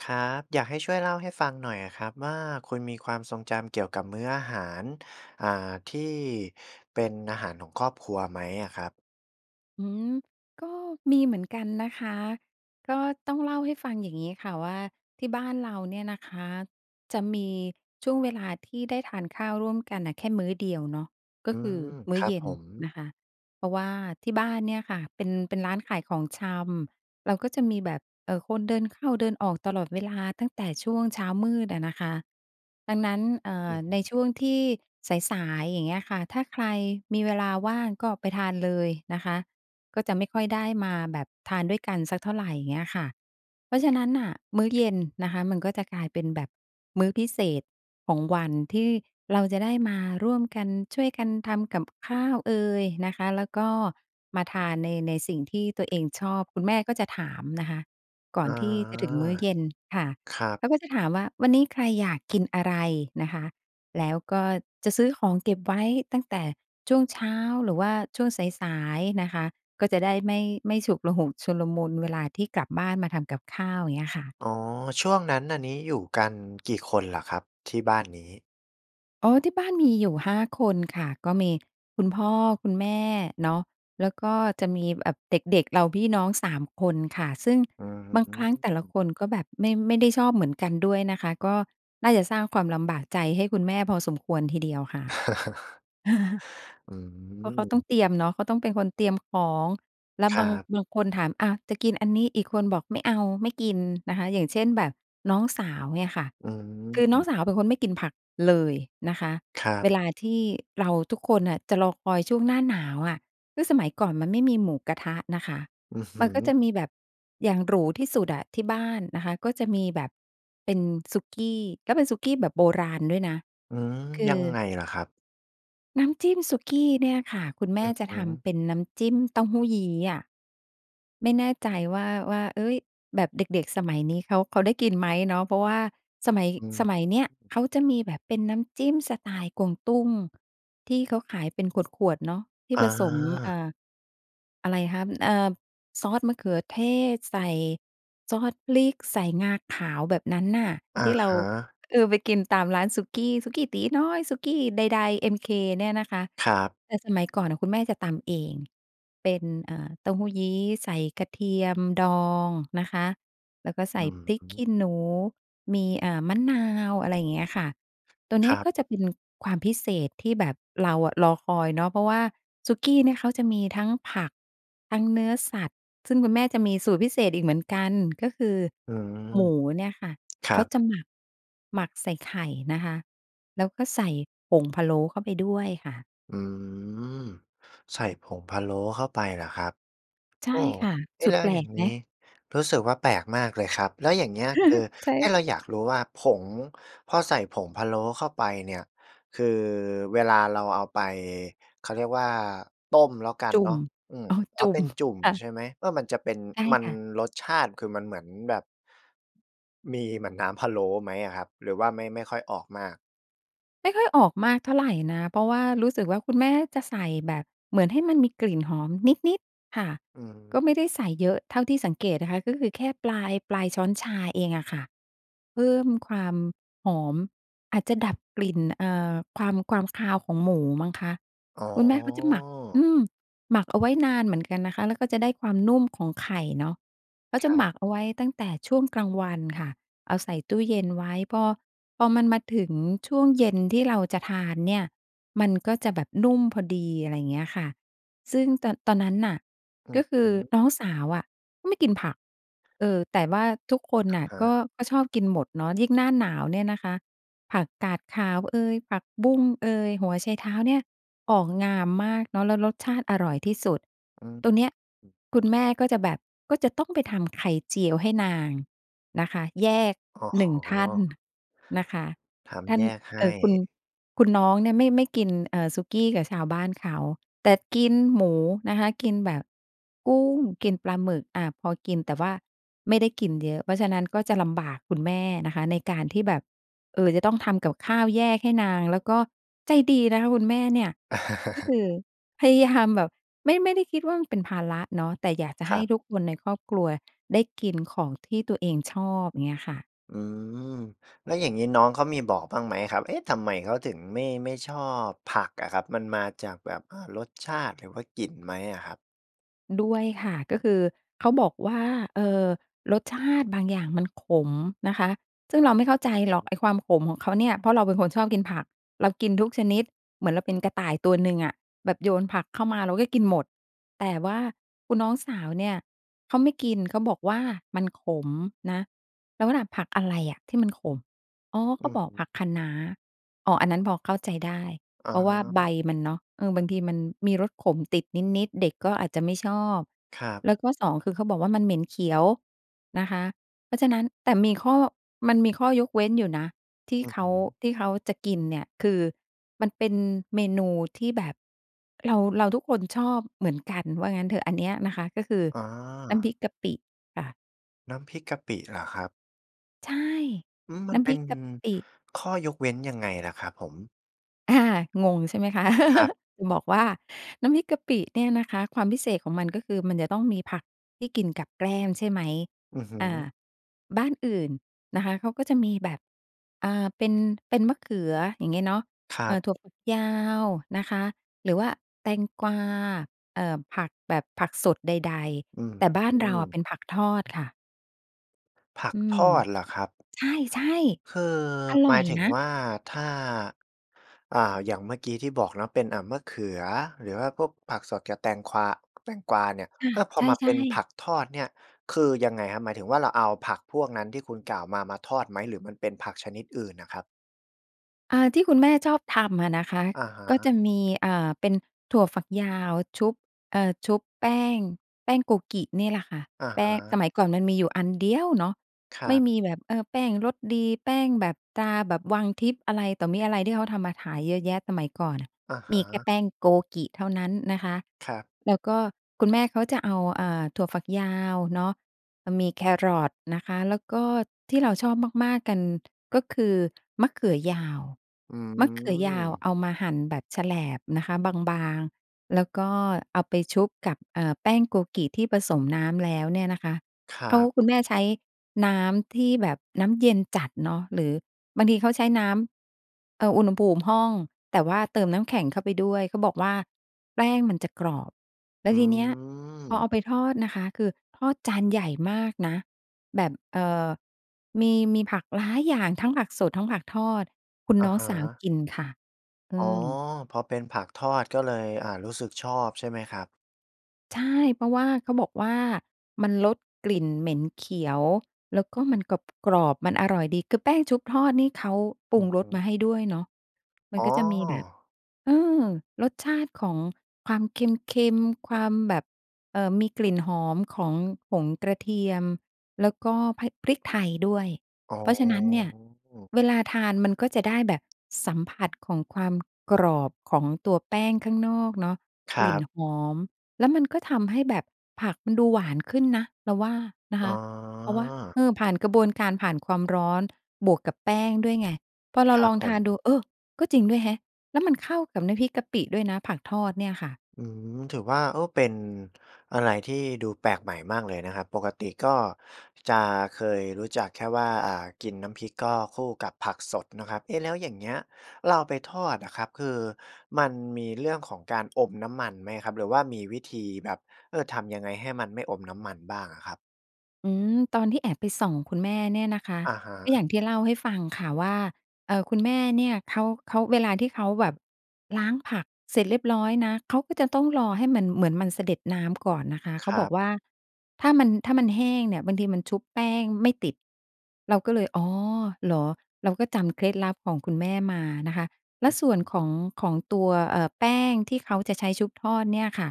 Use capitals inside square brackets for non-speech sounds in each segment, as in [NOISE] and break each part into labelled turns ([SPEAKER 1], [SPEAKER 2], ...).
[SPEAKER 1] ครับ อยากให้ช่วยเล่าให้ฟังหน่อยอะครับว่า คุณมีความทรงจำเกี่ยวกับมื้ออาหาร อ่า ที่เป็นอาหารของครอบครัวไหมอะครับ?
[SPEAKER 2] อืม ก็มีเหมือนกันนะคะ ก็ต้องเล่าให้ฟังอย่างงี้ค่ะว่า ที่บ้านเราเนี่ยนะคะจะมีช่วงเวลาที่ได้ทานข้าวร่วมกันน่ะแค่มื้อเดียวเนาะ ก
[SPEAKER 1] อ
[SPEAKER 2] ็
[SPEAKER 1] ื
[SPEAKER 2] คือ
[SPEAKER 1] ม
[SPEAKER 2] ม
[SPEAKER 1] ค
[SPEAKER 2] ื้อ
[SPEAKER 1] รั
[SPEAKER 2] เ
[SPEAKER 1] บ
[SPEAKER 2] ย็
[SPEAKER 1] ผ
[SPEAKER 2] น
[SPEAKER 1] ม
[SPEAKER 2] นะคะ เพราะว่าที่บ้านเนี่ยค่ะเป็น เป็นร้านขายของชำ เราก็จะมีแบบ เอ่อ คนเดินเข้าเดินออกตลอดเวลาตั้งแต่ช่วงเช้ามืดอะนะคะ ดังนั้น เอ่
[SPEAKER 1] อ
[SPEAKER 2] อ
[SPEAKER 1] ือฮ
[SPEAKER 2] ใน
[SPEAKER 1] ึ
[SPEAKER 2] ช่วงที่สาย ๆ อย่างเงี้ยค่ะ ถ้าใครมีเวลาว่างก็ไปทานเลยนะคะ ก็จะไม่ค่อยได้มาแบบทานด้วยกันสักเท่าไร เงี้ยค่ะ เพราะฉะนั้นน่ะ มื้อเย็นนะคะมันก็จะกลายเป็นแบบมื้อพิเศษของวัน ที่เราจะได้มาร่วมกัน ช่วยกันทำกับข้าวเอยนะคะ แล้วก็มาทานใน ในสิ่งที่ตัวเองชอบ คุณแม่ก็จะถามนะคะก่
[SPEAKER 1] อ
[SPEAKER 2] อ
[SPEAKER 1] ๋อ
[SPEAKER 2] นที่จะถึงมื้อเย็นค่ะ
[SPEAKER 1] ครับ
[SPEAKER 2] เขาก็จะถามว่า "วันนี้ ใครอยากกินอะไร?" นะคะ แล้วก็จะซื้อของเก็บไว้ตั้งแต่ช่วงเช้าหรือว่าช่วงสาย ๆ นะคะ ก็จะได้ไม่ ไม่ฉุกละหุก ชุลมุน เวลาที่กลับบ้านมาทำกับข้าว เงี้ยค่ะ
[SPEAKER 1] อ๋อ ช่วงนั้น อันนี้อยู่กันกี่คนเหรอครับ? ที่บ้านนี้
[SPEAKER 2] อ้อ ที่บ้านมีอยู่ 5 คนค่ะ ก็มีคุณพ่อคุณแม่เนาะ แล้วก็จะมี บ แอบ เด็ก ๆ เรา พี่น้องสามคนค่ะ ซึ่ง
[SPEAKER 1] อื้อ
[SPEAKER 2] บาง
[SPEAKER 1] ฮ
[SPEAKER 2] ครั้งแต่ละ
[SPEAKER 1] ือ
[SPEAKER 2] คนก็แบบไม่ ไม่ได้ชอบเหมือนกันด้วยนะคะ ก็น่าจะสร้างความลำบากใจให้คุณแม่พอสมควรทีเดียวค่ะ
[SPEAKER 1] [CHUCKLES]
[SPEAKER 2] [CHUCKLES]
[SPEAKER 1] อื
[SPEAKER 2] เพราะเขาต้อง
[SPEAKER 1] ม
[SPEAKER 2] เตรียมเนาะ เขาต้องเป็นคนเตรียมของ แล้ว
[SPEAKER 1] ค
[SPEAKER 2] บ
[SPEAKER 1] ร
[SPEAKER 2] า
[SPEAKER 1] ั
[SPEAKER 2] ง
[SPEAKER 1] บ
[SPEAKER 2] บางคนถาม "อะ จะกินอันนี้" อีกคนบอก "ไม่เอา ไม่กิน" นะคะ อย่างเช่น แบบน้องสาว เงี่ยค่ะ
[SPEAKER 1] อื
[SPEAKER 2] คือน้อง
[SPEAKER 1] ม
[SPEAKER 2] สาวเป็นคนไม่กินผักเลยนะคะ
[SPEAKER 1] ครั
[SPEAKER 2] เ
[SPEAKER 1] บ
[SPEAKER 2] วลาที่ เราทุกคนน่ะจะรอคอยช่วงหน้าหนาวอะ ฮื้อ สมัยก่อนมันไม่มีหมูกระทะน่ะค่ะ
[SPEAKER 1] อือฮ
[SPEAKER 2] มันก็
[SPEAKER 1] ึ
[SPEAKER 2] จะมีแบบอย่างหรูที่สุดอะที่บ้านนะคะ ก็จะมีแบบเป็นสุกี้ แล้วเป็นสุกี้แบบโบราณด้วยนะ
[SPEAKER 1] อืม
[SPEAKER 2] คื
[SPEAKER 1] ยั
[SPEAKER 2] อ
[SPEAKER 1] งไงเหรอครับ?
[SPEAKER 2] น้ำจิ้มสุกี้เนี่ยค่ะ คุณแม
[SPEAKER 1] อ
[SPEAKER 2] ่
[SPEAKER 1] ือ
[SPEAKER 2] จ
[SPEAKER 1] ฮ
[SPEAKER 2] ะท
[SPEAKER 1] ึ
[SPEAKER 2] ำเป็นน้ำจิ้มเต้าหู้ยี้อะ ไม่แน่ใจว่า ว่า เฮ้ย แบบเด็ก ๆ สมัยนี้เขา เขาได้กินไหมเนาะ เพราะว่าสมัย
[SPEAKER 1] อื
[SPEAKER 2] ส
[SPEAKER 1] ม
[SPEAKER 2] มัยเนี้ยเขาจะมีแบบเป็นน้ำจิ้มสไตล์กวางตุ้ง ที่เขาขายเป็นขวด ๆ เนาะ ที่
[SPEAKER 1] อา
[SPEAKER 2] ผสม อ่า อะไรฮับ อือ เอิ่บ ซอสมะเขือเทศ ใส่ซอสพริก ใส่งาขาว แบบนั้นน่ะ
[SPEAKER 1] อ
[SPEAKER 2] ท
[SPEAKER 1] ะ
[SPEAKER 2] ี่เรา
[SPEAKER 1] ฮะ
[SPEAKER 2] เออ ไปกินตามร้านสุกี้ สุกี้ตี๋น้อย สุกี้ใด ๆ MK เนี่ยนะคะ
[SPEAKER 1] ครับ
[SPEAKER 2] แต่สมัยก่อนน่ะคุณแม่จะตำเอง เป็น เอ่อ เต้าหู้ยี้ใส่กระเทียมดองนะคะ แล้วก็ใส
[SPEAKER 1] อ
[SPEAKER 2] ่
[SPEAKER 1] ือ
[SPEAKER 2] พริ
[SPEAKER 1] ฮ
[SPEAKER 2] กขี
[SPEAKER 1] ึ
[SPEAKER 2] ้หนู มี อ่า มะนาว อะไรเงี้ยค่ะ ตัวเน
[SPEAKER 1] ค
[SPEAKER 2] ี้ย
[SPEAKER 1] รับ
[SPEAKER 2] ก็จะเป็นความพิเศษที่แบบเราอะรอคอยเนาะ เพราะว่าสุกี้เนี่ยเขาจะมีทั้งผัก ทั้งเนื้อสัตว์ ซึ่งคุณแม่จะมีสูตรพิเศษอีกเหมือนกัน ก็คือ
[SPEAKER 1] อืม
[SPEAKER 2] หมูเนี่ยค่ะ
[SPEAKER 1] คร
[SPEAKER 2] เ
[SPEAKER 1] ั
[SPEAKER 2] ขา
[SPEAKER 1] บ
[SPEAKER 2] จะหมัก หมักใส่ไข่นะคะ แล้วก็ใส่ผงพะโล้เข้าไปด้วยค่ะ
[SPEAKER 1] อืม ใส่ผงพะโล้เข้าไปเหรอครับ?
[SPEAKER 2] ใช
[SPEAKER 1] โ
[SPEAKER 2] ่
[SPEAKER 1] อ้!
[SPEAKER 2] ค่ะ
[SPEAKER 1] เอ๊
[SPEAKER 2] ส
[SPEAKER 1] ะ!
[SPEAKER 2] ุ
[SPEAKER 1] แ
[SPEAKER 2] ด
[SPEAKER 1] ล้
[SPEAKER 2] แ
[SPEAKER 1] ว
[SPEAKER 2] ปล
[SPEAKER 1] อย่า
[SPEAKER 2] ก
[SPEAKER 1] งง
[SPEAKER 2] ไ
[SPEAKER 1] ี
[SPEAKER 2] หม?
[SPEAKER 1] ้ รู้สึกว่า แปลกมากเลยครับ แล้วอย่างเงี้ยคือ
[SPEAKER 2] [CHUCKLES] ใช
[SPEAKER 1] ไอ้
[SPEAKER 2] ่
[SPEAKER 1] เราอยากรู้ว่า ผง พอใส่ผงพะโล้เข้าไปเนี่ย คือเวลาเราเอาไป เขาเรียกว่า ต้มแล้วกัน
[SPEAKER 2] จุ
[SPEAKER 1] เ
[SPEAKER 2] ่
[SPEAKER 1] นา
[SPEAKER 2] ม
[SPEAKER 1] ะ อืม
[SPEAKER 2] อ๋อ
[SPEAKER 1] อ
[SPEAKER 2] จ
[SPEAKER 1] ๋อ
[SPEAKER 2] ุ่
[SPEAKER 1] เป
[SPEAKER 2] ม
[SPEAKER 1] ็นจุ่ม
[SPEAKER 2] ค่ะ
[SPEAKER 1] ใช่ไหม? เออ มันจะเป็น
[SPEAKER 2] ไก้
[SPEAKER 1] มัน
[SPEAKER 2] ค่ะ
[SPEAKER 1] รสชาติ คือมันเหมือนแบบ มีเหมือนน้ำพะโล้ไหมอะครับ? หรือว่าไม่ ไม่ค่อยออกมาก?
[SPEAKER 2] ไม่ค่อยออกมากเท่าไรนะ เพราะว่ารู้สึกว่า คุณแม่จะใส่แบบเหมือนให้มันมีกลิ่นหอมนิด ๆ ค่ะ
[SPEAKER 1] อื
[SPEAKER 2] ก
[SPEAKER 1] ม
[SPEAKER 2] ็ไม่ได้ใส่เยอะ เท่าที่สังเกตนะคะ ก็คือแค่ปลาย ปลายช้อนชาเองอะค่ะ เพิ่มความหอม อาจจะดับกลิ่น เอ่อ ความ ความคาวของหมูมั้งคะ
[SPEAKER 1] อ๋
[SPEAKER 2] คุณแม่เขาจะหมัก
[SPEAKER 1] อ
[SPEAKER 2] อืม หมักเอาไว้นานเหมือนกันนะคะ แล้วก็จะได้ความนุ่มของไข่เนาะ ก็จ
[SPEAKER 1] ค
[SPEAKER 2] ะ
[SPEAKER 1] ร
[SPEAKER 2] หม
[SPEAKER 1] ับ
[SPEAKER 2] ักเอาไว้ตั้งแต่ช่วงกลางวันค่ะ เอาใส่ตู้เย็นไว้ พอ พอมันมาถึงช่วงเย็นที่เราจะทานเนี่ย มันก็จะแบบนุ่มพอดี อะไรอย่างเงี้ยค่ะ ซึ่งตอน ตอนนั้นน่ะ
[SPEAKER 1] อื
[SPEAKER 2] ก็
[SPEAKER 1] อ
[SPEAKER 2] คื
[SPEAKER 1] ฮ
[SPEAKER 2] อ
[SPEAKER 1] ึ
[SPEAKER 2] น้องสาวอะไม่กินผัก เออ แต่ว่าทุกคน
[SPEAKER 1] อะ
[SPEAKER 2] น่ะ
[SPEAKER 1] ฮ
[SPEAKER 2] ก็
[SPEAKER 1] ะ
[SPEAKER 2] ก็ชอบกินหมดเนาะ ยิ่งหน้าหนาวเนี่ยนะคะ ผักกาดขาวเอย ผักบุ้งเอย หัวไชเท้าเนี่ย ออกงามมากเนาะ แล้วรสชาติอร่อยที่สุด
[SPEAKER 1] อืม
[SPEAKER 2] ตรงเนี้ย
[SPEAKER 1] อือ
[SPEAKER 2] คุณแม่ก็จะแบบก็จะต้องไปทำไข่เจียวให้นางนะคะ แยก
[SPEAKER 1] อ๋
[SPEAKER 2] 1 ท่าน
[SPEAKER 1] อ
[SPEAKER 2] นะคะ
[SPEAKER 1] ท
[SPEAKER 2] ท่
[SPEAKER 1] ำ
[SPEAKER 2] า
[SPEAKER 1] แ
[SPEAKER 2] น
[SPEAKER 1] ยกให
[SPEAKER 2] เอ
[SPEAKER 1] ้
[SPEAKER 2] ่อ คุณ คุณน้องเนี่ยไม่ ไม่กิน เอ่อ สุกี้กับชาวบ้านเขา แต่กินหมูนะคะ กินแบบกุ้ง กินปลาหมึก อ่า พอกินแต่ว่าไม่ได้กินเยอะ เพราะฉะนั้นก็จะลำบากคุณแม่นะคะ ในการที่แบบ เอ่อ จะต้องทำกับข้าวแยกให้นาง แล้วก็ใจดีนะคะคุณแม่เนี่ย ก็ค
[SPEAKER 1] [CHUCKLES]
[SPEAKER 2] ือพยายามแบบ ไม่ ไม่ได้คิดว่ามันเป็นภาระเนาะ แต่อยากจะใ
[SPEAKER 1] ค
[SPEAKER 2] ห
[SPEAKER 1] ร
[SPEAKER 2] ้
[SPEAKER 1] ับ
[SPEAKER 2] ทุกคนในครอบครัวได้กินของที่ตัวเองชอบ อย่างเงี้ยค่ะ
[SPEAKER 1] อืม แล้วอย่างนี้น้องเขามีบอกบ้างไหมครับ เอ๊ะ ทำไมเขาถึงไม่ ไม่ชอบผักอะครับ มันมาจากแบบ อ่า รสชาติ หรือว่ากลิ่นไหมอะครับ?
[SPEAKER 2] ด้วยค่ะ ก็คือ เขาบอกว่า เอ่อ รสชาติบางอย่างมันขมนะคะ ซึ่งเราไม่เข้าใจหรอก ไอ้
[SPEAKER 1] [UNINTELLIGIBLE]
[SPEAKER 2] ความขมของเขาเนี่ย เพราะเราเป็นคนชอบกินผัก เรากินทุกชนิด เหมือนเราเป็นกระต่ายตัวหนึ่งอะ แบบโยนผักเข้ามาเราก็กินหมด แต่ว่าคุณน้องสาวเนี่ย เขาไม่กิน เขาบอกว่ามันขมนะ เราก็ถาม "ผักอะไรอะที่มันขม?" อ๋อ! เข
[SPEAKER 1] อื
[SPEAKER 2] า
[SPEAKER 1] อ
[SPEAKER 2] บอ
[SPEAKER 1] ฮ
[SPEAKER 2] ก
[SPEAKER 1] ึ
[SPEAKER 2] "ผักคะน้า" อ๋อ อันนั้นพอเข้าใจได้
[SPEAKER 1] อ
[SPEAKER 2] เพราะว่าใบ
[SPEAKER 1] า
[SPEAKER 2] มันเนาะ เออ บางทีมันมีรสขมติดนิด ๆ เด็กก็อาจจะไม่ชอบ
[SPEAKER 1] ครับ
[SPEAKER 2] แล้วก็ 2 คือเขาบอกว่า มันเหม็นเขียวนะคะ เพราะฉะนั้น แต่มีข้อ มันมีข้อยกเว้นอยู่นะ ที่
[SPEAKER 1] อือ
[SPEAKER 2] เข
[SPEAKER 1] ฮึ
[SPEAKER 2] า ที่เขาจะกินเนี่ย คือ มันเป็นเมนูที่แบบเรา เราทุกคนชอบเหมือนกันว่างั้นเถอะ อันเนี้ยนะคะ ก็คือ
[SPEAKER 1] อ
[SPEAKER 2] น้ำ
[SPEAKER 1] า
[SPEAKER 2] พริกกะปิค่ะ
[SPEAKER 1] น้ำพริกกะปิเหรอครับ?
[SPEAKER 2] ใช่
[SPEAKER 1] อืม ม
[SPEAKER 2] น
[SPEAKER 1] ัน
[SPEAKER 2] ้ำ
[SPEAKER 1] เ
[SPEAKER 2] พ
[SPEAKER 1] ป
[SPEAKER 2] ร
[SPEAKER 1] ็
[SPEAKER 2] ิ
[SPEAKER 1] น
[SPEAKER 2] กกะปิ
[SPEAKER 1] ข้อยกเว้นยังไงเหรอครับผม?
[SPEAKER 2] อา งงใช่ไหมคะ?
[SPEAKER 1] ครับ
[SPEAKER 2] [LAUGHS] บอกว่า น้ำพริกกะปิเนี่ยนะคะ ความพิเศษของมันก็คือมันจะต้องมีผักที่กินกับแกล้มใช่ไหม?
[SPEAKER 1] อือฮ
[SPEAKER 2] อา
[SPEAKER 1] ึ
[SPEAKER 2] บ้านอื่นนะคะ เขาก็จะมีแบบ อ่า เป็น เป็นมะเขืออย่างเงี้ยเนาะ
[SPEAKER 1] คร
[SPEAKER 2] เ
[SPEAKER 1] ั
[SPEAKER 2] อ่
[SPEAKER 1] บ
[SPEAKER 2] อ ถั่วฝักยาวนะคะ หรือว่าแตงกวา เอ่อ ผักแบบผักสดใด
[SPEAKER 1] อือ
[SPEAKER 2] ๆ แต่บ้
[SPEAKER 1] อ
[SPEAKER 2] าน
[SPEAKER 1] ื
[SPEAKER 2] เราอะ เ
[SPEAKER 1] อ
[SPEAKER 2] ป็นผักทอดค่ะ
[SPEAKER 1] ผั
[SPEAKER 2] อ
[SPEAKER 1] ก
[SPEAKER 2] ืม
[SPEAKER 1] ทอดเหรอครับ?
[SPEAKER 2] ใช่
[SPEAKER 1] คือ
[SPEAKER 2] ๆ อร
[SPEAKER 1] ห
[SPEAKER 2] ่
[SPEAKER 1] ม
[SPEAKER 2] อ
[SPEAKER 1] า
[SPEAKER 2] ย
[SPEAKER 1] ยถึง
[SPEAKER 2] นะ
[SPEAKER 1] ว่า ถ้า อ่า อย่างเมื่อกี้ที่บอกเนาะ เป็น อ่า มะเขือ หรือว่าพวกผักสดกับแตงควา แตงกวาเนี่ย
[SPEAKER 2] ค่
[SPEAKER 1] เ
[SPEAKER 2] ะ
[SPEAKER 1] ออ พ
[SPEAKER 2] ใ
[SPEAKER 1] อมา
[SPEAKER 2] ช
[SPEAKER 1] เป
[SPEAKER 2] ่
[SPEAKER 1] ็นผ
[SPEAKER 2] ๆ
[SPEAKER 1] ักทอดเนี่ย คือยังไงครับ หมายถึงว่าเราเอาผักพวกนั้นที่คุณกล่าวมา มาทอดไหมหรือมันเป็นผักชนิดอื่นน่ะครับ?
[SPEAKER 2] อ่า ที่คุณแม่ชอบทำอะนะคะ
[SPEAKER 1] อะฮ
[SPEAKER 2] ก็
[SPEAKER 1] ะ
[SPEAKER 2] จะมี เอ่อ เป็นถั่วฝักยาวชุบ เอ่อ ชุบแป้ง แป้งโกกินี่แหละค่ะ
[SPEAKER 1] อะ
[SPEAKER 2] แป
[SPEAKER 1] ฮ
[SPEAKER 2] ้ง ส
[SPEAKER 1] ะ
[SPEAKER 2] มัยก่อนมันมีอยู่อันเดียวเนาะ
[SPEAKER 1] คร
[SPEAKER 2] ไม
[SPEAKER 1] ั
[SPEAKER 2] ่
[SPEAKER 1] บ
[SPEAKER 2] มีแบบ เออ แป้งรสดี แป้งแบบตราแบบวังทิพย์ อะไรต่อมิอะไร ที่เขาทำมาขายเยอะแยะสมัยก่อนอะ
[SPEAKER 1] อะฮ
[SPEAKER 2] มีแค่
[SPEAKER 1] ะ
[SPEAKER 2] แป้งโกกิเท่านั้นนะคะ
[SPEAKER 1] ครับ
[SPEAKER 2] แล้วก็คุณแม่เขาจะเอา เอ่อ ถั่วฝักยาวเนาะ มีแครอทนะคะ แล้วก็ที่เราชอบมาก ๆ กัน ก็คือมะเขือยาว
[SPEAKER 1] อื
[SPEAKER 2] มะเขือยาว
[SPEAKER 1] ม
[SPEAKER 2] เอามาหั่นแบบแฉลบนะคะ บาง ๆ แล้วก็เอาไปชุบกับ เอ่อ แป้งโกกิที่ผสมน้ำแล้วเนี่ยนะคะ
[SPEAKER 1] คร
[SPEAKER 2] เขา
[SPEAKER 1] ับ
[SPEAKER 2] คุณแม่ใช้น้ำที่แบบน้ำเย็นจัดเนาะ หรือบางทีเขาใช้น้ำ เอ่อ อุณหภูมิห้อง แต่ว่าเติมน้ำแข็งเข้าไปด้วยเขาบอกว่าแป้งมันจะกรอบ แล้
[SPEAKER 1] อื
[SPEAKER 2] วทีเนี้ยพอเอ
[SPEAKER 1] ม
[SPEAKER 2] าไปทอดนะคะ คือทอดจานใหญ่มากนะ แบบ เอ่อ มี มีผักหลายอย่าง ทั้งผักสด ทั้งผักทอด คุณ
[SPEAKER 1] อ
[SPEAKER 2] น
[SPEAKER 1] ะ
[SPEAKER 2] ้อง
[SPEAKER 1] ฮ
[SPEAKER 2] สาว
[SPEAKER 1] ะ
[SPEAKER 2] กินค่ะ อ
[SPEAKER 1] อ๋
[SPEAKER 2] ื
[SPEAKER 1] อ
[SPEAKER 2] ม
[SPEAKER 1] พอเป็นผักทอดก็เลย อ่า รู้สึกชอบใช่ไหมครับ?
[SPEAKER 2] ใช่ เพราะว่าเขาบอกว่ามันลดกลิ่นเหม็นเขียว แล้วก็มันกรอบ ๆ มันอร่อยดี คือแป้งชุบทอดนี่เขาป
[SPEAKER 1] อ
[SPEAKER 2] รุ
[SPEAKER 1] ื
[SPEAKER 2] ง
[SPEAKER 1] อ
[SPEAKER 2] ร
[SPEAKER 1] ฮึ
[SPEAKER 2] สมาให้ด้วยเนาะ มั
[SPEAKER 1] อ
[SPEAKER 2] น
[SPEAKER 1] ๋
[SPEAKER 2] ก็จะมีแบบ
[SPEAKER 1] อ
[SPEAKER 2] เออ รสชาติของความเค็ม ๆ ความแบบ เอ่อ มีกลิ่นหอมของผงกระเทียม แล้วก็ พ พริกไทยด้วย
[SPEAKER 1] อ๋อ
[SPEAKER 2] เพราะฉะนั้นเนี่ยเวลาทานมันก็จะได้แบบสัมผัสของความกรอบของตัวแป้งข้างนอกเนาะ
[SPEAKER 1] ค
[SPEAKER 2] ก
[SPEAKER 1] ร
[SPEAKER 2] ลิ
[SPEAKER 1] ั
[SPEAKER 2] ่น
[SPEAKER 1] บ
[SPEAKER 2] หอม แล้วมันก็ทำให้แบบผักมันดูหวานขึ้นนะ เราว่านะค
[SPEAKER 1] อ๋
[SPEAKER 2] ะ เพราะว่า
[SPEAKER 1] อ
[SPEAKER 2] เออ ผ่านกระบวนการ ผ่านความร้อน บวกกับแป้งด้วยไง พอเรา
[SPEAKER 1] ครั
[SPEAKER 2] ล
[SPEAKER 1] บ
[SPEAKER 2] อง
[SPEAKER 1] ผ
[SPEAKER 2] ทาน
[SPEAKER 1] ม
[SPEAKER 2] ดู เออ ก็จริงด้วยแฮะ แล้วมันเข้ากับน้ำพริกกะปิด้วยนะ ผักทอดเนี่ยค่ะ
[SPEAKER 1] อืม ถือว่า เออ เป็นอะไรที่ดูแปลกใหม่มากเลยนะครับ ปกติก็จะเคยรู้จักแค่ว่า อ่า กินน้ำพริกก็คู่กับผักสดนะครับ เอ๊ะ แล้วอย่างเงี้ยเราเอาไปทอดอะครับ คือมันมีเรื่องของการ อมน้ำมันไหมครับ? หรือว่ามีวิธีแบบ เออ ทำยังไงให้มันไม่อมน้ำมันบ้างอะครับ?
[SPEAKER 2] อืม ตอนที่แอบไปส่องคุณแม่เนี่ยนะคะ
[SPEAKER 1] อะฮ
[SPEAKER 2] ก็
[SPEAKER 1] ะ
[SPEAKER 2] อย่างที่เล่าให้ฟังค่ะว่า เอ่อ คุณแม่เนี่ยเขา เขา เวลาที่เขาแบบล้างผักเสร็จเรียบร้อยนะ เขาก็จะต้องรอให้มัน เหมือนมันสะเด็ดน้ำก่อนนะคะ เ
[SPEAKER 1] ค
[SPEAKER 2] ขา
[SPEAKER 1] ร
[SPEAKER 2] บ
[SPEAKER 1] ั
[SPEAKER 2] อก
[SPEAKER 1] บ
[SPEAKER 2] ว่า "ถ้ามัน ถ้ามันแห้งเนี่ย บางทีมันชุบแป้งไม่ติด" เราก็เลย อ๋อ เหรอ เราก็จำเคล็ดลับของคุณแม่มานะคะ แล
[SPEAKER 1] อ
[SPEAKER 2] ้
[SPEAKER 1] ื้
[SPEAKER 2] ว
[SPEAKER 1] อ
[SPEAKER 2] ส
[SPEAKER 1] ฮ
[SPEAKER 2] ่ว
[SPEAKER 1] ื
[SPEAKER 2] น
[SPEAKER 1] อ
[SPEAKER 2] ของ ของตัว เอ่อ แป้งที่เขาจะใช้ชุบทอดเนี่ยค่ะ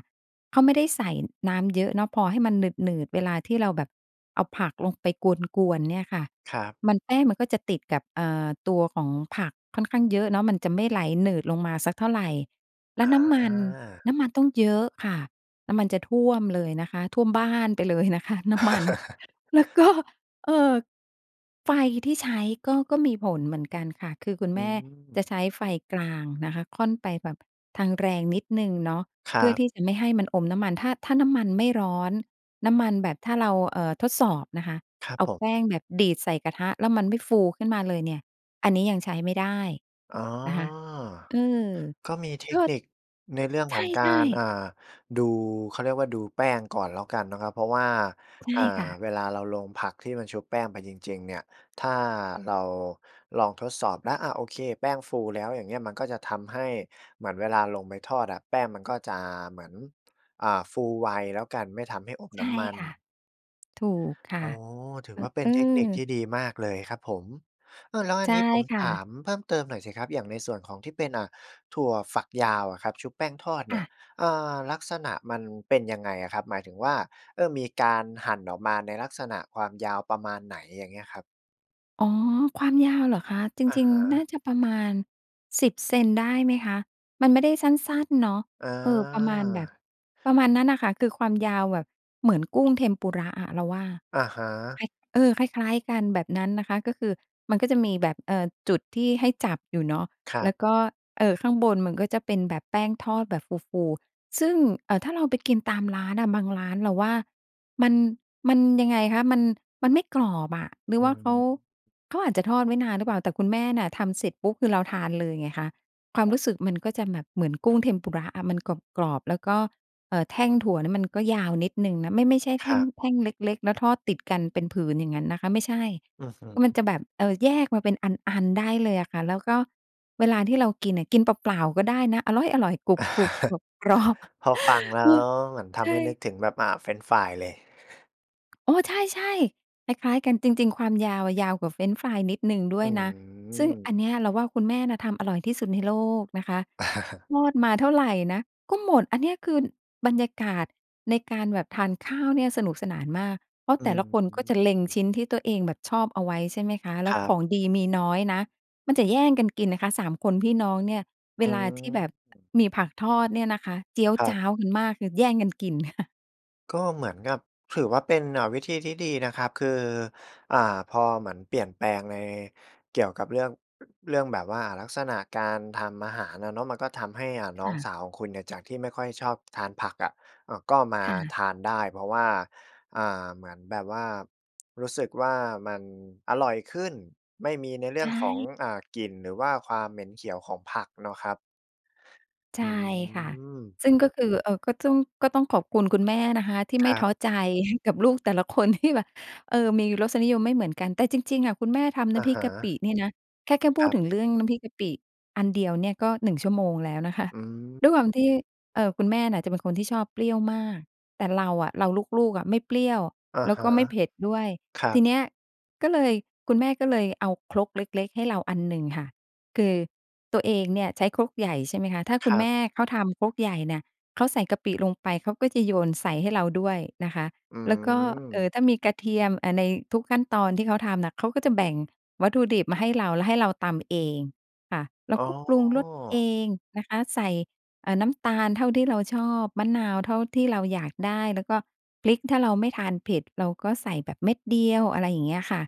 [SPEAKER 2] เขาไม่ได้ใส่น้ำเยอะเนาะ พอให้มันหนืด ๆ เวลาที่เราแบบเอาผักลงไปกวน ๆ เนี่ยค่ะ
[SPEAKER 1] ครับ
[SPEAKER 2] มัน แป้งมันก็จะติดกับ เอ่อ ตัวของผักค่อนข้างเยอะเนาะ มันจะไม่ไหลหนืดลงมาสักเท่าไร แล้
[SPEAKER 1] อ
[SPEAKER 2] วน้ำมัน
[SPEAKER 1] า
[SPEAKER 2] น้ำมันต้องเยอะค่ะ น้ำมันจะท่วมเลยนะคะ ท่วมบ้านไปเลยนะคะน้ำมัน
[SPEAKER 1] [LAUGHS]
[SPEAKER 2] แล้วก็ เอ่อ ไฟที่ใช้ก็ ก็มีผลเหมือนกันค่ะ คือคุณ
[SPEAKER 1] อ
[SPEAKER 2] แม่
[SPEAKER 1] ืม
[SPEAKER 2] จะใช้ไฟกลางนะคะ ค่อนไปแบบทางแรงนิดหนึ่งเนาะ
[SPEAKER 1] ค
[SPEAKER 2] เ
[SPEAKER 1] ร
[SPEAKER 2] พื่
[SPEAKER 1] ั
[SPEAKER 2] อ
[SPEAKER 1] บ
[SPEAKER 2] ที่จะไม่ให้มันอมน้ำมัน ถ้า ถ้าน้ำมันไม่ร้อน น้ำมันแบบ ถ้าเรา เอ่อ ทดสอบนะคะ
[SPEAKER 1] ครับ
[SPEAKER 2] เอา
[SPEAKER 1] ผม
[SPEAKER 2] แป้งแบบดีดใส่กระทะแล้วมันไม่ฟูขึ้นมาเลยเนี่ย อันนี้ยังใช้ไม่ได้
[SPEAKER 1] อ๋อ
[SPEAKER 2] นะคะ อือ
[SPEAKER 1] ก็มีเท
[SPEAKER 2] ก
[SPEAKER 1] ค
[SPEAKER 2] ็
[SPEAKER 1] นิคในเรื่อง
[SPEAKER 2] ใ
[SPEAKER 1] ของกา
[SPEAKER 2] ช่
[SPEAKER 1] ร
[SPEAKER 2] ๆ
[SPEAKER 1] อ่า ดู เขาเรียกว่าดูแป้งก่อนแล้วกันเนาะครับ เพราะว่า
[SPEAKER 2] ใช่
[SPEAKER 1] อ่า
[SPEAKER 2] ค่ะ
[SPEAKER 1] เวลาเราลงผักที่มันชุบแป้งไปจริง ๆ เนี่ย ถ้าเราลองทดสอบแล้ว อ่า โอเค แป้งฟูแล้ว อย่างเงี้ย มันก็จะทำให้เหมือนเวลาลงไปทอดอะ แป้งมันก็จะเหมือน อ่า ฟูไวแล้วกัน ไม่ทำให้อม
[SPEAKER 2] ใช
[SPEAKER 1] น้
[SPEAKER 2] ่
[SPEAKER 1] ำมัน
[SPEAKER 2] ค่ะ ถูกค่ะ
[SPEAKER 1] โอ้โฮ ถือ
[SPEAKER 2] อ
[SPEAKER 1] ว่าเป็
[SPEAKER 2] อ
[SPEAKER 1] น
[SPEAKER 2] ื
[SPEAKER 1] เทคนิคที
[SPEAKER 2] อ
[SPEAKER 1] ่ดีมากเลยครับผม เออ แล้วอั
[SPEAKER 2] ใช
[SPEAKER 1] น
[SPEAKER 2] ่
[SPEAKER 1] นี้ผม
[SPEAKER 2] ค่
[SPEAKER 1] ถ
[SPEAKER 2] ะ
[SPEAKER 1] ามเพิ่มเติมหน่อยสิครับ อย่างในส่วนของที่เป็น อ่า ถั่วฝักยาวอะครับ ชุบแป้งทอด
[SPEAKER 2] ค
[SPEAKER 1] เนี
[SPEAKER 2] ่
[SPEAKER 1] ่ย
[SPEAKER 2] ะ
[SPEAKER 1] เอ่อ ลักษณะมันเป็นยังไงอะครับ? หมายถึงว่า เอ่อ มีการหั่นออกมาในลักษณะความยาวประมาณไหน? อย่างเงี้ยครับ
[SPEAKER 2] อ๋อ ความยาวเหรอคะ? จ
[SPEAKER 1] อะ
[SPEAKER 2] ริง
[SPEAKER 1] ฮ
[SPEAKER 2] ๆ น่า
[SPEAKER 1] ะ
[SPEAKER 2] จะประมาณ 10 เซน ได้ไหมคะ? มันไม่ได้สั้น ๆ เนาะ
[SPEAKER 1] อ
[SPEAKER 2] เออ ประมาณแบบ
[SPEAKER 1] า
[SPEAKER 2] ประมาณนั้นน่ะค่ะ คือความยาวแบบ เหมือนกุ้ง Tempura อะ เราว่า
[SPEAKER 1] อะฮ
[SPEAKER 2] คล้
[SPEAKER 1] ะ
[SPEAKER 2] าย เออ คล้าย ๆ กันแบบนั้นนะคะ ก็คือมันก็จะมีแบบ เอ่อ จุดที่ให้จับอยู่เนาะ
[SPEAKER 1] คร
[SPEAKER 2] แ
[SPEAKER 1] ั
[SPEAKER 2] ล้
[SPEAKER 1] บ
[SPEAKER 2] วก็ เอ่อ ข้างบนมันก็จะเป็นแบบแป้งทอดแบบฟู ๆ ซึ่ง เอ่อ ถ้าเราไปกินตามร้านน่ะ บางร้านเราว่า มัน มันยังไงคะ มัน มันไม่กรอบอะ หร
[SPEAKER 1] อ
[SPEAKER 2] ื
[SPEAKER 1] ื
[SPEAKER 2] อว
[SPEAKER 1] อ
[SPEAKER 2] ่าเขา
[SPEAKER 1] ฮึ
[SPEAKER 2] เขาอาจจะทอดไว้นานหรือเปล่า แต่คุณแม่น่ะ ทำเสร็จปุ๊บ คือเราทานเลยไงคะ ความ
[SPEAKER 1] ค
[SPEAKER 2] ร
[SPEAKER 1] ร
[SPEAKER 2] ู
[SPEAKER 1] ับ
[SPEAKER 2] ้สึกมันก็จะแบบเหมือนกุ้ง Tempura อะ มันกรอบ ๆ แล้วก็ เอ่อ แท่งถั่วนี่มันก็ยาวนิดหนึ่งนะ ไม่ ไม่ใช่แ
[SPEAKER 1] ค
[SPEAKER 2] ท
[SPEAKER 1] ร
[SPEAKER 2] ่
[SPEAKER 1] ั
[SPEAKER 2] ง
[SPEAKER 1] บ
[SPEAKER 2] แท่งเล็ก ๆ แล้วทอดติดกันเป็นผืนอย่างงั้นนะคะ ไม่ใช่
[SPEAKER 1] อือฮ
[SPEAKER 2] มัน
[SPEAKER 1] ึ
[SPEAKER 2] จะแบบ เออ แยกมาเป็นอัน ๆ ได้เลยอะค่ะ แล้วก็เวลาที่เรากินน่ะ กินเปล่า ๆ ก็ได้นะ อร๊อยอร่อย กรุบ
[SPEAKER 1] [CHUCKLES]
[SPEAKER 2] ๆ กรอบ
[SPEAKER 1] พอ
[SPEAKER 2] ๆ [CHUCKLES]
[SPEAKER 1] ฟังแล
[SPEAKER 2] เ
[SPEAKER 1] ้
[SPEAKER 2] อ
[SPEAKER 1] ว
[SPEAKER 2] อ
[SPEAKER 1] เหมือนท
[SPEAKER 2] ใช
[SPEAKER 1] ำให้นึก
[SPEAKER 2] ่
[SPEAKER 1] ถึงแบบ อ่า เฟรนช์ฟรายเลย
[SPEAKER 2] อ๋อ ใช่ ๆ คล้าย ๆ กันจริง ๆ ความยาวอะ ยาวกว่าเฟรนช์ฟรายนิดหนึ่งด้
[SPEAKER 1] อ
[SPEAKER 2] ว
[SPEAKER 1] ื
[SPEAKER 2] ยนะ ซึ่งอัน
[SPEAKER 1] ม
[SPEAKER 2] เนี้ยเราว่า คุณแม่น่ะทำอร่อยที่สุดในโลกนะคะ ทอดมาเท่าไรนะก็หมด อันเนี้ย คือ น บรรยากาศในการแบบทานข้าวเนี่ยสนุกสนานมาก เพรา
[SPEAKER 1] อ
[SPEAKER 2] ะแต่ละคนก็
[SPEAKER 1] ื
[SPEAKER 2] จะเล็งช
[SPEAKER 1] ม
[SPEAKER 2] ิ้นที่ตัวเองแบบชอบเอาไว้ใช่ไหมคะ แล้
[SPEAKER 1] ค
[SPEAKER 2] ว
[SPEAKER 1] รั
[SPEAKER 2] ข
[SPEAKER 1] บ
[SPEAKER 2] องดีมีน้อยนะ มันจะแย่งกันกินนะคะ 3 คนพี่น้องเนี่ย เว
[SPEAKER 1] อื
[SPEAKER 2] ลาที่แบ
[SPEAKER 1] ม
[SPEAKER 2] บ อ มีผักทอดเนี่ยนะคะ เจี๊ยว
[SPEAKER 1] ครั
[SPEAKER 2] จ
[SPEAKER 1] บ
[SPEAKER 2] ๊าวกันมาก คือแย่งกันกิน [CHUCKLES]
[SPEAKER 1] ก็เหมือนกับ ถือว่าเป็น อ่า วิธีที่ดีนะครับ คือ อ่า พอเหมือนเปลี่ยนแปลงในเกี่ยวกับเรื่อง เรื่องแบบว่าลักษณะการทำอาหารอะเนาะ มันก็ทำให้ อ่า น
[SPEAKER 2] ค
[SPEAKER 1] ้อ
[SPEAKER 2] ่
[SPEAKER 1] ง
[SPEAKER 2] ะ
[SPEAKER 1] สาวของคุณเนี่ย จากที่ไม่ค่อยชอบทานผักอะ อะ ก็มา
[SPEAKER 2] ค่ะ
[SPEAKER 1] ทานได้ เพราะว่า อ่า เหมือนแบบว่ารู้สึกว่ามันอร่อยขึ้น ไม่มีในเรื
[SPEAKER 2] ใ
[SPEAKER 1] ่
[SPEAKER 2] ช
[SPEAKER 1] องของ
[SPEAKER 2] ่
[SPEAKER 1] อ่า กลิ่น หรือว่าความเหม็นเขียวของผักเนาะครับ
[SPEAKER 2] ใช
[SPEAKER 1] อื
[SPEAKER 2] ่ค่ะ
[SPEAKER 1] ม
[SPEAKER 2] ซึ่งก็คือ เอ่อ ก็ต้อง ก็ต้องขอบคุณคุณแม่นะคะ ที่ไ
[SPEAKER 1] ค
[SPEAKER 2] ม
[SPEAKER 1] ร
[SPEAKER 2] ่
[SPEAKER 1] ั
[SPEAKER 2] ท
[SPEAKER 1] บ
[SPEAKER 2] ้อใจ [CHUCKLES] กับลูกแต่ละคน ที่แบบ เออ มีรสนิยมไม่เหมือนกัน แต่จริง ๆ อะ คุณแม่ทำน
[SPEAKER 1] อ
[SPEAKER 2] ้ำ
[SPEAKER 1] ะ
[SPEAKER 2] พริ
[SPEAKER 1] ฮ
[SPEAKER 2] กกะปิ
[SPEAKER 1] ะ
[SPEAKER 2] เนี่ยนะ แค่ แค่พู
[SPEAKER 1] ค
[SPEAKER 2] ด
[SPEAKER 1] รับ
[SPEAKER 2] ถึงเรื่องน้ำพริกกะปิอันเดียวเนี่ย ก็ 1 ชั่วโมงแล้วนะคะ
[SPEAKER 1] อื
[SPEAKER 2] ด้วยความ
[SPEAKER 1] ม
[SPEAKER 2] ที่ เอ่อ คุณแม่น่ะจะเป็นคนที่ชอบเปรี้ยวมาก แต่เราอะ เราลูก ๆ อะไม่เปรี้ยว
[SPEAKER 1] อะ
[SPEAKER 2] แล้ว
[SPEAKER 1] ฮ
[SPEAKER 2] ก
[SPEAKER 1] ะ
[SPEAKER 2] ็ไม่เผ็ดด้วย
[SPEAKER 1] ครั
[SPEAKER 2] ที
[SPEAKER 1] บ
[SPEAKER 2] เนี้ยก็เลย คุณแม่ก็เลยเอาครกเล็ก ๆ ให้เราอันหนึ่งค่ะ คือตัวเองเนี่ยใช้ครกใหญ่ ใช่ไหมคะ ถ้า
[SPEAKER 1] ค
[SPEAKER 2] คุณ
[SPEAKER 1] รั
[SPEAKER 2] แม
[SPEAKER 1] บ
[SPEAKER 2] ่เขาทำครกใหญ่เนี่ย เขาใส่กะปิลงไปเขาก็จะโยนใส่ให้เราด้วยนะคะ
[SPEAKER 1] อื
[SPEAKER 2] แล้วก็ เอ่อ
[SPEAKER 1] ม
[SPEAKER 2] ถ้ามีกระเทียม อะ ในทุกขั้นตอนที่เขาทำน่ะ เขาก็จะแบ่งวัตถุดิบมาให้เรา แล้วให้เราตำเองค่ะ แล้
[SPEAKER 1] อ
[SPEAKER 2] ว
[SPEAKER 1] ๋
[SPEAKER 2] ก็ปรุงรสเอ
[SPEAKER 1] อ
[SPEAKER 2] งนะคะ ใส่ อ่า น้ำตาลเท่าที่เราชอบ มะนาวเท่าที่เราอยากได้ แล้วก็พริกถ้าเราไม่ทานเผ็ด เราก็ใส่แบบเม็ดเดียว อะไรอย่างเงี้ยค่ะ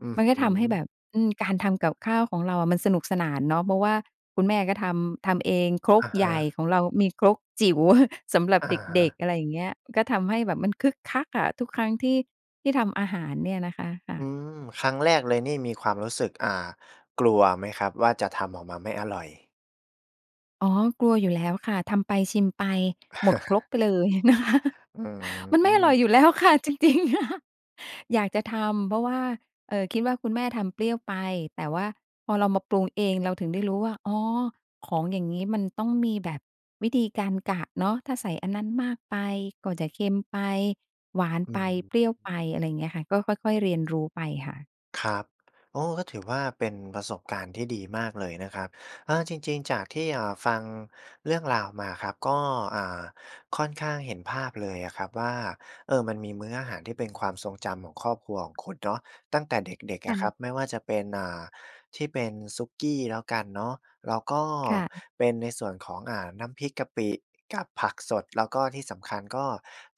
[SPEAKER 1] อือ
[SPEAKER 2] มัน
[SPEAKER 1] ฮ
[SPEAKER 2] ก็ทำให้
[SPEAKER 1] ึ
[SPEAKER 2] แบบ อืม การทำกับข้าวของเราอะมันสนุกสนานเนาะ เพราะว่าคุณแม่ก็ทำ ทำเองคร
[SPEAKER 1] อ
[SPEAKER 2] ก
[SPEAKER 1] ะฮ
[SPEAKER 2] ใหญ่
[SPEAKER 1] ะ
[SPEAKER 2] ของเรามีครกจิ๋ว [CHUCKLES] สำหรับ
[SPEAKER 1] อะ
[SPEAKER 2] เ
[SPEAKER 1] ฮ
[SPEAKER 2] ด็ก
[SPEAKER 1] ะ
[SPEAKER 2] ๆ อะไรอย่างเงี้ย ก็ทำให้แบบมันคึกคักอะ ทุกครั้งที่ ที่ทำอาหารเนี่ยนะคะ ค่
[SPEAKER 1] อ
[SPEAKER 2] ะ
[SPEAKER 1] ืม ครั้งแรกเลยนี่มีความรู้สึก อ่า กลัวไหมครับว่าจะทำออกมาไม่อร่อย?
[SPEAKER 2] อ๋อ กลัวอยู่แล้วค่ะ ทำไปชิมไป หมดครก
[SPEAKER 1] [CHUCKLES]
[SPEAKER 2] ไปเลย นะคะ
[SPEAKER 1] อื
[SPEAKER 2] มันไม่อร่อยอ
[SPEAKER 1] ม
[SPEAKER 2] ยู่แล้วค่ะ จริง ๆ [CHUCKLES] อยากจะทำ เพราะว่า เอ่อ คิดว่า คุณแม่ทำเปรี้ยวไป แต่ว่าพอเรามาปรุงเองเราถึงได้รู้ว่า อ๋อ ของอย่างงี้มันต้องมีแบบวิธีการกะเนาะ ถ้าใส่อันนั้นมากไปก็จะเค็มไป หวาน
[SPEAKER 1] อื
[SPEAKER 2] ไป
[SPEAKER 1] ม
[SPEAKER 2] เปรี้ยวไป อะไรอย่างเงี้ยค่ะ ก็ค่อย ๆ เรียนรู้ไปค่ะ
[SPEAKER 1] ครับ โอ้ ก็ถือว่า เป็นประสบการณ์ที่ดีมากเลยนะครับ เออ จริง ๆ จากที่ เอ่อ ฟังเรื่องราวมาครับ ก็ อ่า ค่อนข้างเห็นภาพเลยอะครับว่า เออ มันมีมื้ออาหารที่เป็นความทรงจำของครอบครัวของคุณเนาะ ตั้งแต่เด็ก ๆ
[SPEAKER 2] ค
[SPEAKER 1] อะค
[SPEAKER 2] ่
[SPEAKER 1] ร
[SPEAKER 2] ะ
[SPEAKER 1] ับ ไม่ว่าจะเป็น อ่า ที่เป็นสุกี้แล้วกันเนาะ แล้วก็
[SPEAKER 2] ค่ะ
[SPEAKER 1] เป็นในส่วนของ อ่า น้ำพริกกะปิกับผักสด แล้วก็ที่สำคัญก็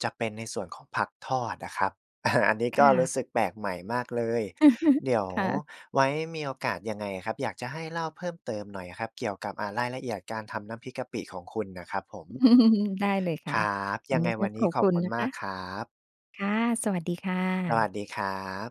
[SPEAKER 1] จะเป็นในส่วนของผักทอดอะครับ อา อันนี้
[SPEAKER 2] ค
[SPEAKER 1] ก็
[SPEAKER 2] ่
[SPEAKER 1] รู
[SPEAKER 2] ะ
[SPEAKER 1] ้สึกแปลกใหม่มากเลย
[SPEAKER 2] [CHUCKLES]
[SPEAKER 1] เดี๋ยว
[SPEAKER 2] ค่ะ
[SPEAKER 1] ไว้มีโอกาสยังไงอะครับ อยากจะให้เล่าเพิ่มเติมหน่อยอะครับ เกี่ยวกับ อ่า รายละเอียดการทำน้ำพริกกะปิของคุณน่ะครับผม
[SPEAKER 2] อืม ได้เลยค่
[SPEAKER 1] ค
[SPEAKER 2] ะ
[SPEAKER 1] รับ
[SPEAKER 2] ว
[SPEAKER 1] ย
[SPEAKER 2] ั
[SPEAKER 1] ั
[SPEAKER 2] น
[SPEAKER 1] งไ
[SPEAKER 2] น
[SPEAKER 1] ง
[SPEAKER 2] ี้ก
[SPEAKER 1] ว
[SPEAKER 2] ็
[SPEAKER 1] ันน
[SPEAKER 2] ข
[SPEAKER 1] ี้
[SPEAKER 2] อบ
[SPEAKER 1] ขอ
[SPEAKER 2] ค
[SPEAKER 1] บ
[SPEAKER 2] ุณ
[SPEAKER 1] คุณ
[SPEAKER 2] นะ
[SPEAKER 1] ม
[SPEAKER 2] ค
[SPEAKER 1] า
[SPEAKER 2] ะ
[SPEAKER 1] กครับ
[SPEAKER 2] ค่ะ สวัสดีค่
[SPEAKER 1] สวั
[SPEAKER 2] ะ
[SPEAKER 1] สดีครับ